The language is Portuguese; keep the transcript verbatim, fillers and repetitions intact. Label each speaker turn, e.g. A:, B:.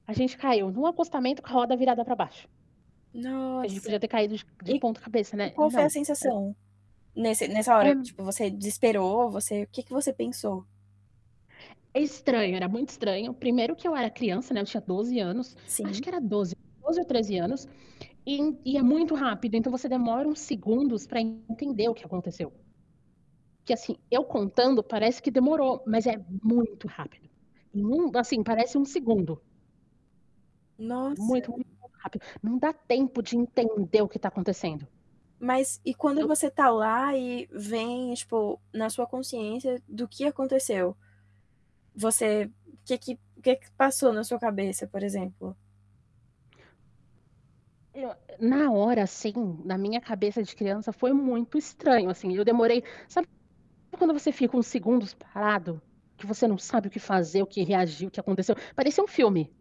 A: A gente caiu no acostamento com a roda virada para baixo. Que a gente
B: Nossa,
A: podia ter caído de de
B: e
A: ponta cabeça,
B: e
A: né, e
B: qual foi
A: não
B: a
A: a ge
B: sensação, nesse nessa
A: É
B: hora,
A: m
B: tipo, você desesperou, você, o que que você pensou?
A: É estranho, era muito estranho, primeiro que eu era criança, né, eu tinha doze anos, acho
B: Sim.
A: que era doze, doze ou treze anos, e e é muito rápido então você demora uns segundos para entender o que aconteceu que, assim, eu contando parece que demorou, mas é muito rápido. E num assim parece um segundo.
B: Nossa.
A: Muito, muito rápido, não dá tempo de entender o que tá acontecendo.
B: Mas e quando
A: Eu
B: você tá lá e vem, tipo, na sua consciência do que aconteceu? Você, que que, o que que passou na sua cabeça, por exemplo?
A: E o na hora assim, na minha cabeça de criança, foi muito estranho assim, eu demorei, sabe quando você fica uns segundos parado, que você não sabe o que fazer, o que reagir, o que aconteceu, parecia um filme.